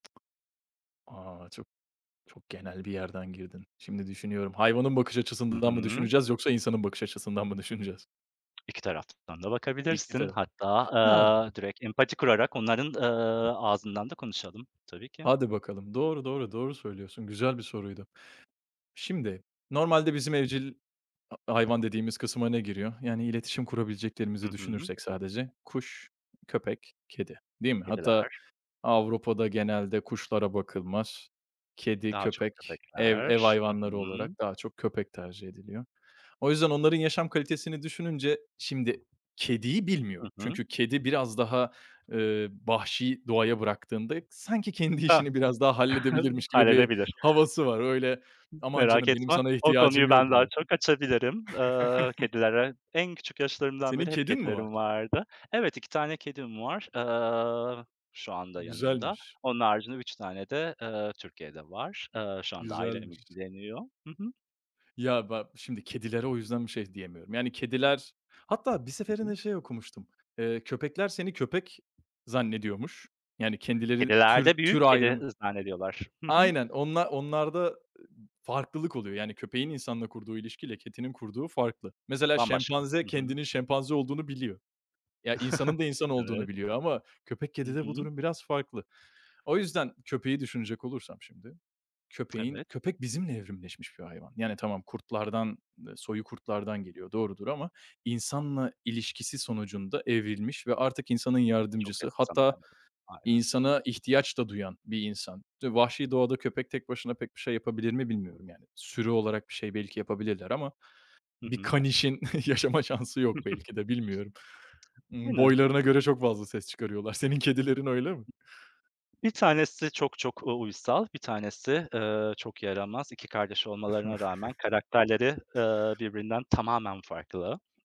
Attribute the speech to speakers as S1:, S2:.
S1: A! Çok çok genel bir yerden girdin. Şimdi düşünüyorum. Hayvanın bakış
S2: Hı
S1: açısından mı
S2: hı.
S1: düşüneceğiz yoksa insanın bakış açısından mı düşüneceğiz?
S2: 2 tarafından da
S1: İyi ki
S2: bakabilirsin.
S1: de.
S2: Hatta,
S1: Ya
S2: aaa, direkt empati kurarak onların, ııı, ağzından da konuşalım. Tabii ki.
S1: Hadi bakalım. Doğru, doğru, doğru söylüyorsun. Güzel bir soruydu. Şimdi, normalde bizim evcil ha hayvan dediğimiz kısıma ne giriyor? Yani iletişim
S2: Hı
S1: kurabileceklerimizi
S2: hı.
S1: düşünürsek sadece kuş, köpek, kedi, değil mi? Hatta
S2: Kediler.
S1: Avrupa'da genelde kuşlara bakılmaz. Kedi,
S2: Daha çok
S1: köpek, ev ev
S2: köpekler. Hı
S1: hayvanları olarak
S2: hı.
S1: daha çok köpek tercih ediliyor. O yüzden onların yaşam kalitesini düşününce şimdi kediyi
S2: Hı
S1: bilmiyorum
S2: hı.
S1: çünkü kedi biraz daha, eee, vahşi doğaya bıraktığında sanki kendi
S2: A!
S1: işini biraz daha halledebilirmiş gibi bir
S2: Halledebilir.
S1: havası var. Öyle, "Aman
S2: Merak
S1: canım, benim
S2: etme,
S1: sana
S2: o
S1: ihtiyacım
S2: konuyu
S1: yok."
S2: ben daha
S1: diyor.
S2: çok açabilirim, ııı, kedilere en küçük yaşlarımdan
S1: Senin
S2: beri hep
S1: kedin mi var?
S2: kedilerim vardı. Evet, 2 tane kedim var, ııı, şu anda yanımda.
S1: Güzelmiş.
S2: Onun haricinde 3 tane de, ııı, Türkiye'de var. Iıı, şu anda ailem
S1: Güzelmiş.
S2: ilgileniyor. Hı hı.
S1: Ya, ba şimdi kedilere o yüzden bir şey diyemiyorum. Yani kediler hatta bir
S2: Hı hı.
S1: seferinde şey okumuştum, eee, köpekler seni köpek zannediyormuş. Yani kendileri,
S2: Kediler
S1: tür
S2: de
S1: tür
S2: büyük kedi,
S1: ayrımı
S2: ııı, zannediyorlar. Hı hı.
S1: Aynen, onla onlarda, ııı, farklılık oluyor. Yani köpeğin insanla kurduğu ilişki ile kedinin kurduğu farklı. Mesela
S2: Bambaşka. Hı
S1: şempanze
S2: hı.
S1: kendinin şempanze olduğunu biliyor. Ya, insanın da insan olduğunu
S2: Evet.
S1: biliyor ama köpek,
S2: Hı
S1: kedide bu
S2: hı.
S1: durum biraz farklı. O yüzden köpeği düşünecek olursam şimdi, köpeğin
S2: Evet.
S1: köpek bizimle evrimleşmiş bir hayvan. Yani tamam kurtlardan ııı, soyu kurtlardan geliyor, doğrudur ama insanla ilişkisi sonucunda evrilmiş ve artık insanın
S2: Çok
S1: yardımcısı hatta
S2: [unintelligible] aynen.
S1: insana ihtiyaç da duyan bir insan. D vahşi doğada köpek tek başına pek bir şey yapabilir mi, bilmiyorum yani. Sürü olarak bir şey belki yapabilirler ama
S2: Hı
S1: bir
S2: hı.
S1: kanişin yaşama şansı yok belki de bilmiyorum.
S2: Aynen.
S1: Boylarına göre çok fazla ses çıkarıyorlar. Senin kedilerin öyle mi?
S2: 1 tanesi çok çok, u uysal, 1 tanesi, ııı, çok yaramaz. 2 kardeş olmalarına rağmen karakterleri, ııı, birbirinden tamamen farklı.